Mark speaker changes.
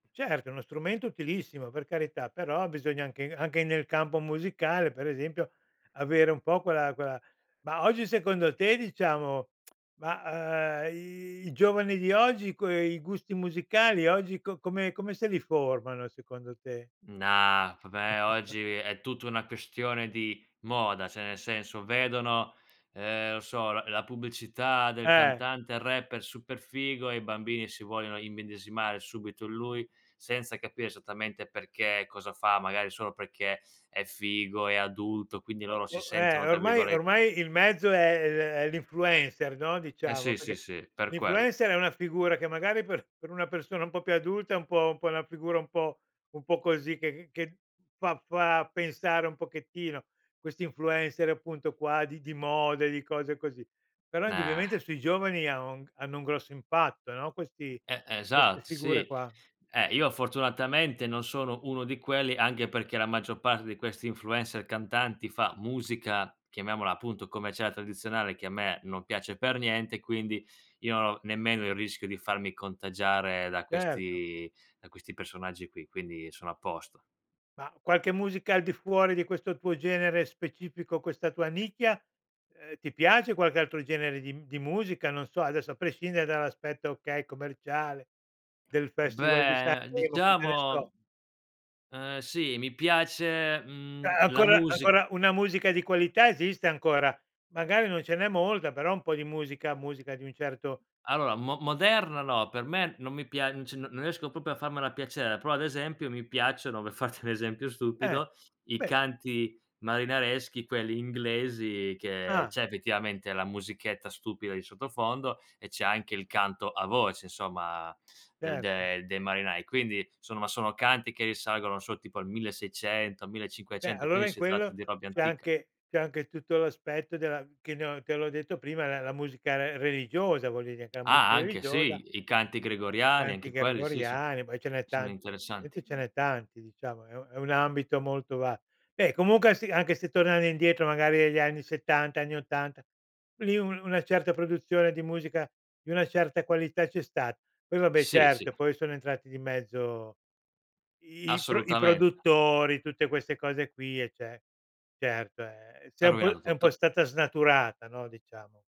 Speaker 1: Certo, è uno strumento utilissimo, per carità, però bisogna anche anche nel campo musicale, per esempio, avere un po' quella quella ma oggi secondo te, diciamo ma, uhm, i giovani di oggi, quei gusti musicali oggi co come come se li formano secondo te?
Speaker 2: No, vabbè, oggi è tutta una questione di moda, cioè nel senso, vedono, ehm, non so, la la pubblicità del
Speaker 1: Eh.
Speaker 2: cantante rapper super figo e i bambini si vogliono immedesimare subito in lui, senza capire esattamente perché e cosa fa, magari solo perché è figo, è adulto, quindi
Speaker 1: O
Speaker 2: loro
Speaker 1: o
Speaker 2: si sentono
Speaker 1: eh,
Speaker 2: tra
Speaker 1: ormai
Speaker 2: virgolette
Speaker 1: ormai il mezzo è è l è l'influencer, no,
Speaker 2: Eh
Speaker 1: diciamo.
Speaker 2: sì, sì,
Speaker 1: Perché
Speaker 2: sì, per quello.
Speaker 1: l'influencer è una figura che magari per per una persona un po' più adulta è un po' un po' una figura un po' un po' così, che che che fa fa pensare un pochettino, questi influencer appunto qua di di moda e di cose così. Però
Speaker 2: Nah.
Speaker 1: indubbiamente sui giovani ha o hanno un grosso impatto, no, questi
Speaker 2: Eh,
Speaker 1: queste
Speaker 2: esat
Speaker 1: figure
Speaker 2: sì.
Speaker 1: qua.
Speaker 2: Eh, io fortunatamente non sono uno di quelli, anche perché la maggior parte di questi influencer cantanti fa musica, chiamiamola appunto commerciale, tradizionale, che a me non piace per niente, quindi io non ho nemmeno il rischio di farmi contagiare da
Speaker 1: Certo.
Speaker 2: questi da questi personaggi qui, quindi sono a posto.
Speaker 1: Ma qualche musica al di fuori di questo tuo genere specifico, questa tua nicchia? Ehm, ti piace qualche altro genere di mhmm, di musica? Non so, adesso a prescindere dall'aspetto, okay, commerciale, del Festival di
Speaker 2: Beh,
Speaker 1: Sanremo, cosa ne so?
Speaker 2: diciamo Eh sì, mi piace,
Speaker 1: Cioè
Speaker 2: mhmm, la
Speaker 1: ancora
Speaker 2: music
Speaker 1: ancora una musica di qualità esiste, ancora. Magari non ce n'è molta però un po' di musica musica di un certo
Speaker 2: Allora, mo moderna no, per me non mi piac m c non riesco proprio a farmela piacere, però ad esempio mi piacciono, per farti un esempio
Speaker 1: Eh,
Speaker 2: stupido, i
Speaker 1: beh.
Speaker 2: canti marinareschi, quelli inglesi, che
Speaker 1: Ah.
Speaker 2: c'è effettivamente la musichetta stupida di sottofondo e c'è anche il canto a voce, insomma, del
Speaker 1: Certo.
Speaker 2: de dei marinai. Quindi, somma sono canti che risalgono, non so, tipo al 1600,
Speaker 1: Beh,
Speaker 2: 1500,
Speaker 1: allora
Speaker 2: quindi
Speaker 1: in
Speaker 2: si tratta
Speaker 1: quello
Speaker 2: di robe
Speaker 1: c'è
Speaker 2: antica.
Speaker 1: anche c'è anche tutto l'aspetto della che ne ho te l'ho detto prima, la la musica re religiosa, voglio dire, che la musica
Speaker 2: Ah, anche
Speaker 1: religiosa
Speaker 2: sì. I canti gregoriani,
Speaker 1: Canti
Speaker 2: anche quelli sì son
Speaker 1: gregoriani, poi ce n'è
Speaker 2: sono
Speaker 1: tanti, probabilmente
Speaker 2: interessanti.
Speaker 1: ce n'è tanti, diciamo, è u è un ambito molto ba beh, comunque a se anche se tornare indietro magari negli anni '70, anni '80, lì u una certa produzione di musica di una certa qualità c'è sta. Poi vabbè,
Speaker 2: Sì, sì.
Speaker 1: certo, poi sono entrati di mezzo i i pro i
Speaker 2: Assolutamente.
Speaker 1: produttori, tutte queste cose qui, eh, ce certo, e e
Speaker 2: Ha
Speaker 1: s'è un po'
Speaker 2: rovinato
Speaker 1: è un po'
Speaker 2: tutto.
Speaker 1: stata snaturata, no, diciamo.